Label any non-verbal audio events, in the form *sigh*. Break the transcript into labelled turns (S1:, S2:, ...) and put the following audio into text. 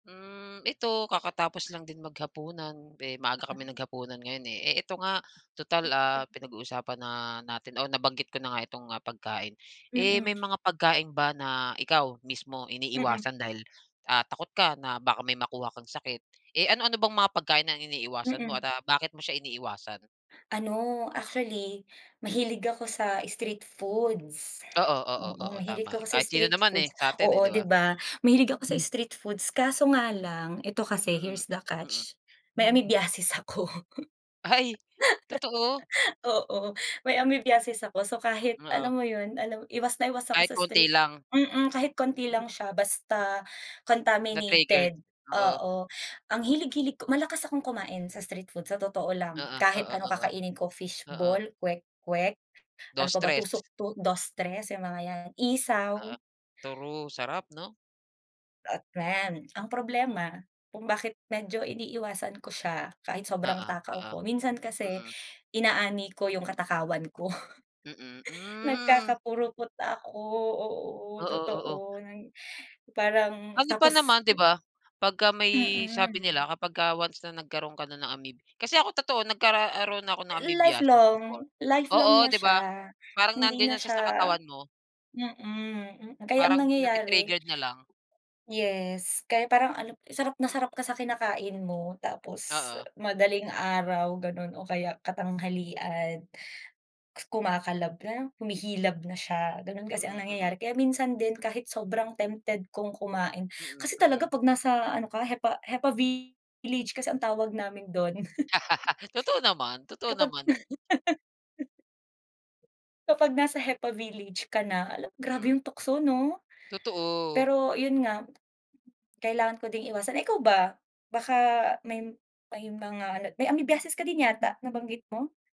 S1: Hmm. Ito, kakatapos lang din maghapunan. Eh, maaga kaming
S2: Ay.
S1: naghapunan ngayon, eh. Eh, eto nga, tutal, ah,
S2: *unintelligible*
S1: pinag-uusapan na natin o nabanggit ko na nga itong, ah, pagkain. Eh, may
S2: Mm.
S1: mga pagkain ba na ikaw mismo
S2: Mm.
S1: iniiwasan dahil, ah, takot ka na baka may makuha kang sakit? Eh, ano-ano bang mga pagkain ang iniiwasan mo
S2: Mm.
S1: at, ah, bakit mo siya iniiwasan?
S2: Ano actually, mahilig ako sa street foods.
S1: Oo, oo.
S2: Oo,
S1: oo,
S2: mahilig
S1: tama.
S2: ako sa
S1: Kahit sino
S2: street
S1: naman, eh,
S2: foods.
S1: sa'tin, eh,
S2: Oo,
S1: 'di
S2: 'di
S1: ba?
S2: ba, mahilig ako sa street foods kaso nga lang, ito kasi
S1: Mm.
S2: here's the
S1: mm.
S2: catch, may amoebiasis ako.
S1: Ay! totoo?
S2: *laughs* Oo. may amoebiasis ako. So, kahit
S1: Oo.
S2: alam mo yun, alam iwas na iwas ako
S1: Kahit
S2: sa
S1: konti
S2: street
S1: lang.
S2: mm, kahit konti lang siya, basta
S1: Na-triggered,
S2: contaminated,
S1: oo.
S2: oo. Ang hilig-hilig ko, malakas akong kumain sa street food sa totoo lang.
S1: Oo,
S2: Kahit
S1: oo,
S2: ano
S1: oo.
S2: kakainin ko,
S1: Oo.
S2: fishball, kwek kwek, ano
S1: Dos,
S2: pa ba,
S1: tres.
S2: tusok-tu dos, tres, yung mga 'yan,
S1: Oo,
S2: isaw.
S1: true. Sarap 'no.
S2: At friend, ang problema, kung bakit medyo iniiwasan ko siya, kahit sobrang
S1: Oo,
S2: takaw
S1: oo.
S2: ko, minsan kasi
S1: Mm.
S2: inaani ko yung katakawan ko,
S1: Mm,
S2: *chuckles*
S1: hmm.
S2: nagkakapurupot ako, oo,
S1: Oo, oo.
S2: totoo, ng parang
S1: Ano pa
S2: tapos
S1: naman, 'di ba? Pagka may sabi
S2: Mm.
S1: nila kapag ka once na nagkaro'n ka na ng amoeb kasi ako totoo nagkaroon ako ng amoebiasis before.
S2: Lifelong, lifelong
S1: Oo,
S2: na
S1: 'di ba?
S2: siya.
S1: Parang
S2: Hindi
S1: nandiyan
S2: na
S1: na siya sa
S2: siya
S1: katawan mo.
S2: mm, hmm. Kaya ang
S1: Parang
S2: nangyayari
S1: nati-triggered na lang.
S2: yes, kaya parang ano, sarap na sarap ka sa kinakain mo tapos
S1: Oo.
S2: madaling araw ganun o kaya katanghalian, kumakalab na, humihilab na siya, gano'n kasi ang
S1: Mm, mm.
S2: nangyayari. Kaya minsan din kahit sobrang tempted kong kumain,
S1: Mm,
S2: kasi talaga
S1: mm.
S2: 'pag nasa ano ka, hepa-hepa village kasi ang tawag namin do'n.
S1: *laughs* Totoo naman,
S2: *chuckles*
S1: totoo
S2: Kapag
S1: naman.
S2: *laughs* Kapag nasa hepa village ka na, ala, grabe
S1: Mm.
S2: yung tukso 'no.
S1: Totoo.
S2: Pero yun nga, kailangan ko ding iwasan. Ikaw ba, baka may may mga ano, may amoebiasis ka din yata nabanggit mo?